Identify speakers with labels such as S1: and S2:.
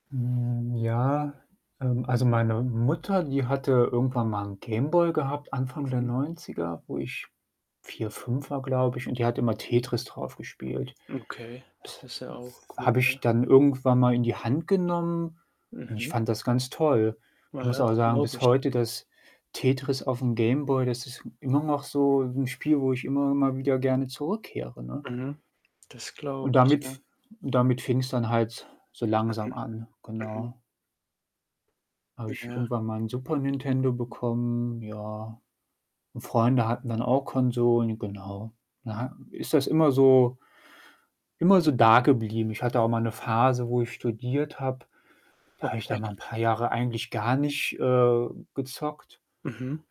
S1: Hm, ja, ähm, also, meine Mutter, die hatte irgendwann mal 'n Game Boy gehabt Anfang der
S2: Mhm.
S1: 90er, wo ich 4, 5 war, glaube ich, und die hat immer Tetris drauf gespielt.
S2: Okay, das ist ja
S1: Und
S2: auch cool,
S1: habe ich
S2: ne?
S1: dann irgendwann mal in die Hand genommen und ich
S2: Mhm.
S1: fand das ganz toll. Ich
S2: Naja,
S1: muss aber
S2: das
S1: sagen,
S2: glaube
S1: bis
S2: ich.
S1: heute das Tetris auf 'm Game Boy, das ist immer noch so 'n Spiel, wo ich immer mal wieder gerne zurückkehre, ne?
S2: Mhm. Das glaube
S1: Und
S2: ich,
S1: damit
S2: ja.
S1: f damit fing's dann halt so langsam an,
S2: Mhm, mhm.
S1: genau. Habe ich
S2: Ja.
S1: irgendwann mal 'n Super Nintendo bekommen, ja. Und Freunde hatten dann auch Konsolen, genau. Na ja, ist das immer so immer so da geblieben. Ich hatte auch mal 'ne Phase, wo ich studiert habe, da habe ich da
S2: Okay.
S1: mal paar Jahre eigentlich gar nicht, äh, gezockt.
S2: Mhm.